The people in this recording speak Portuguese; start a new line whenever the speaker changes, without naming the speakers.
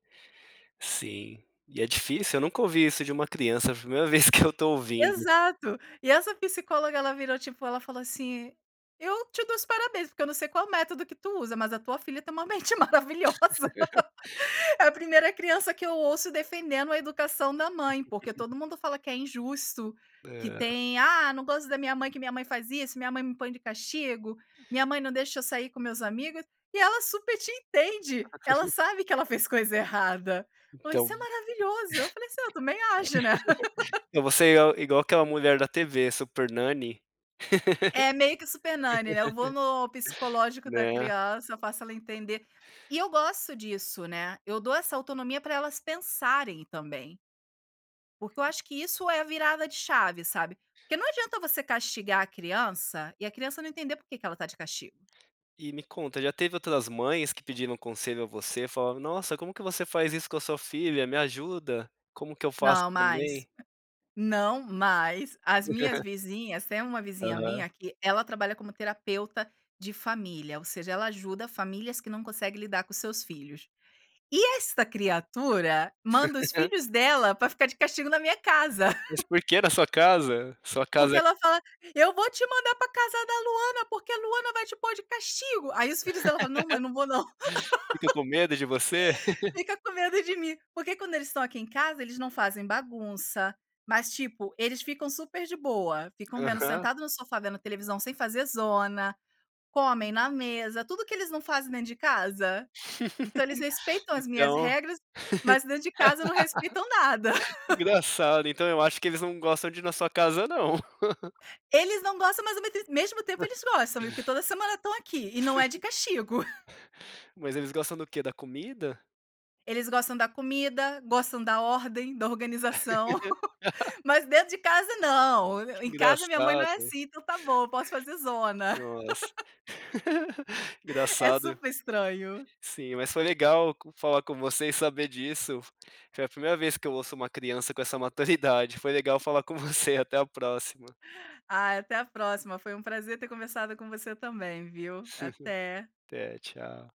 Sim, e é difícil, eu nunca ouvi isso de uma criança, é a primeira vez que eu tô ouvindo.
Exato. E essa psicóloga ela virou, tipo, ela falou assim: "Eu te dou os parabéns, porque eu não sei qual método que tu usa mas a tua filha tem uma mente maravilhosa. É a primeira criança que eu ouço defendendo a educação da mãe, porque todo mundo fala que é injusto, que
É.
tem, 'Ah, não gosto da minha mãe, que minha mãe faz isso, minha mãe me põe de castigo, minha mãe não deixa eu sair com meus amigos'. E ela super te entende, ela sabe que ela fez coisa errada".
Então
Falou: "Isso é maravilhoso", eu falei assim: "Ah, eu também acho, né".
E você é igu igual aquela mulher da TV, a Super Nanny.
É meio que Super Nanny, né, eu vou no psicológico da
Né.
criança, eu faço ela entender. E eu gosto disso, né, eu dou essa autonomia pra elas pensarem também. Porque eu acho que isso é a virada de chave, sabe. Porque não adianta você castigar a criança e a criança não entender porque que ela tá de castigo.
E me conta, já teve outras mães que pediram conselho a você, falaram: "Nossa, como que você faz isso com a sua filha, me ajuda, como que eu f aço
Não, mas
também?".
não, mas as minhas vizinhas tem uma vizinha
Aham.
minha que ela trabalha como terapeuta de família, ou seja, ela ajuda famílias que não conseguem lidar com os seus filhos. E esta criatura manda os filhos dela pra ficar de castigo na minha casa.
Mas por que na sua casa? Sua
Porque
casa é
ela fala: "Eu vou te mandar pra casa da Luana, porque a Luana vai te pôr de castigo", aí os filhos dela falam: "Não, mãe, não vou não".
Ficam com medo de você?
Fica com medo de mim. Porque quando eles estão aqui em casa eles não fazem bagunça, mas tipo, eles ficam super de boa. Ficam vendo
Aham.
sentado no sofá, vendo televisão sem fazer zona, comem na mesa, tudo o que eles não fazem dentro de casa. Então eles respeitam as minhas
Então
regras, mas dentro de casa não respeitam nada.
que engraçado. Então eu acho que eles não gostam de ir na sua casa não.
Eles não gostam, mais ao meste mesmo tempo eles gostam, porque toda semana estão aqui, e não é de castigo.
Mas eles gostam do quê? Da comida?
Eles gostam da comida, gostam da ordem, da organização. Mas dentro de casa não,
Que
"Em casa minha mãe não
engraçado.
é assim, então tá bom, eu posso fazer zona".
Nossa.
É
Engraçado.
super estranho.
Sim, mas foi legal con falar com você e saber disso. Foi a primeira vez que eu ouço uma criança com essa maturidade. Foi legal falar com você, até a próxima.
Ai, até a próxima. Foi um prazer ter começado com você também, viu. Até.
Até, tchau.